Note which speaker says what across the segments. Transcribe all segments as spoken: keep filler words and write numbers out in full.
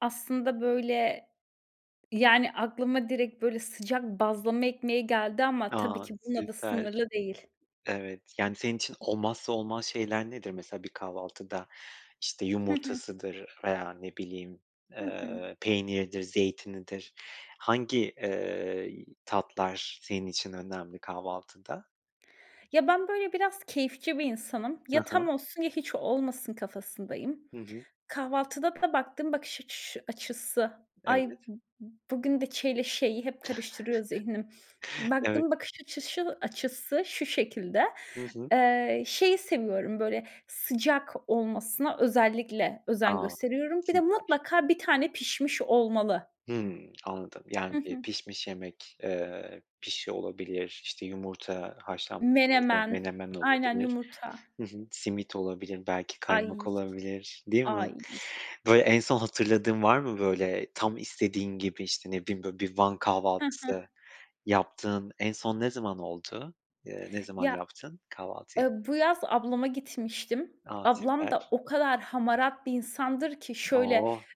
Speaker 1: Aslında, böyle, yani, aklıma direkt, böyle, sıcak bazlama ekmeği geldi ama tabii
Speaker 2: A!
Speaker 1: ki bununla da
Speaker 2: Süper.
Speaker 1: sınırlı değil.
Speaker 2: Evet. Yani senin için olmazsa olmaz şeyler nedir mesela bir kahvaltıda? İşte,
Speaker 1: Hı hı.
Speaker 2: yumurtasıdır veya ne bileyim,
Speaker 1: Hı hı.
Speaker 2: eee, peyniridir, zeytinidir. Hangi, eee, y tatlar senin için önemli kahvaltıda?
Speaker 1: Ya, ben böyle biraz keyifçi bir insanım.
Speaker 2: Hı
Speaker 1: Ya
Speaker 2: hı.
Speaker 1: tam olsun ya hiç olmasın kafasındayım.
Speaker 2: Hı hı.
Speaker 1: Kahvaltıda da baktığım bakış açışı açısı, ay b
Speaker 2: Evet.
Speaker 1: b bugün de ç ile ş'yi hep karıştırıyor zihnim.
Speaker 2: Evet.
Speaker 1: Baktığım bakış açışı açısı şu şekilde.
Speaker 2: Hı hı.
Speaker 1: Eee, şeyi seviyorum böyle sıcak olmasına özellikle özen
Speaker 2: A,
Speaker 1: gösteriyorum. Bir de
Speaker 2: süper.
Speaker 1: mutlaka bir tane pişmiş olmalı.
Speaker 2: Hımm, anladım.
Speaker 1: Hı
Speaker 2: Yani bir
Speaker 1: hı.
Speaker 2: pişmiş yemek, eee, pişi olabilir, işte, yumurta haşlanmış yumurta,
Speaker 1: Menemen.
Speaker 2: menemen
Speaker 1: Aynen,
Speaker 2: olabilir.
Speaker 1: yumurta.
Speaker 2: Hı hı. Simit olabilir, belki
Speaker 1: Ay,
Speaker 2: kaymak olabilir, değil mi?
Speaker 1: ay.
Speaker 2: Böyle en son hatırladığın var mı, böyle, tam istediğin gibi, işte, ne bileyim, böyle, bir Van
Speaker 1: Hı hı.
Speaker 2: kahvaltısı yaptığın en son ne zaman oldu? Eee, ne zaman
Speaker 1: Ya,
Speaker 2: yaptın kahvaltıyı?
Speaker 1: ııı, bu yaz ablama gitmiştim.
Speaker 2: A,
Speaker 1: Ablam da
Speaker 2: süper.
Speaker 1: o kadar hamarat bir insandır ki! Şöyle
Speaker 2: Oh,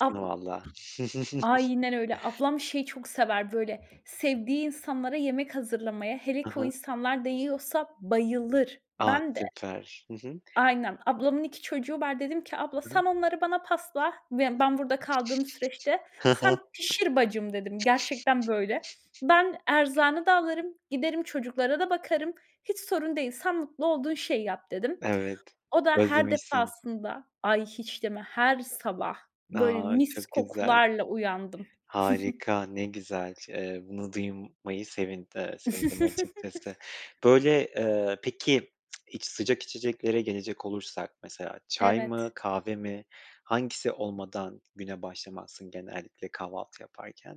Speaker 1: ab
Speaker 2: vallahi.
Speaker 1: Aynen öyle. Ablam şeyi çok sever böyle sevdiği insanlara yemek hazırlamayı. Hele
Speaker 2: Hı
Speaker 1: ki o
Speaker 2: hı.
Speaker 1: insanlar değiyorsa bayılır
Speaker 2: A,
Speaker 1: Ben de
Speaker 2: süper. Hı hı.
Speaker 1: Aynen. Ablamın iki çocuğu var. Dedim ki, "Abla
Speaker 2: Hı hı.
Speaker 1: sen onları bana pasla, be ben burada kaldığım süreçte.
Speaker 2: Hı hı.
Speaker 1: Sen pişir bacım." dedim. Gerçekten böyle. "Ben erzağını da alırım giderim çocuklara da bakarım hiç sorun değil sen mutlu olduğun şeyi yap." dedim.
Speaker 2: Evet,
Speaker 1: O da her
Speaker 2: özlemişsin.
Speaker 1: defasında Ay, hiç deme. Her sabah böyle
Speaker 2: A,
Speaker 1: mis
Speaker 2: çok güzel.
Speaker 1: kokularla uyandım.
Speaker 2: Harika. Ne güzel, eee, bunu duymayı sevind eee, sevindim açıkçası. Böyle, ııı, peki iç sıcak içeceklere gelecek olursak mesela çay
Speaker 1: Evet.
Speaker 2: mı, kahve mi hangisi olmadan güne başlamazsın genellikle kahvaltı yaparken?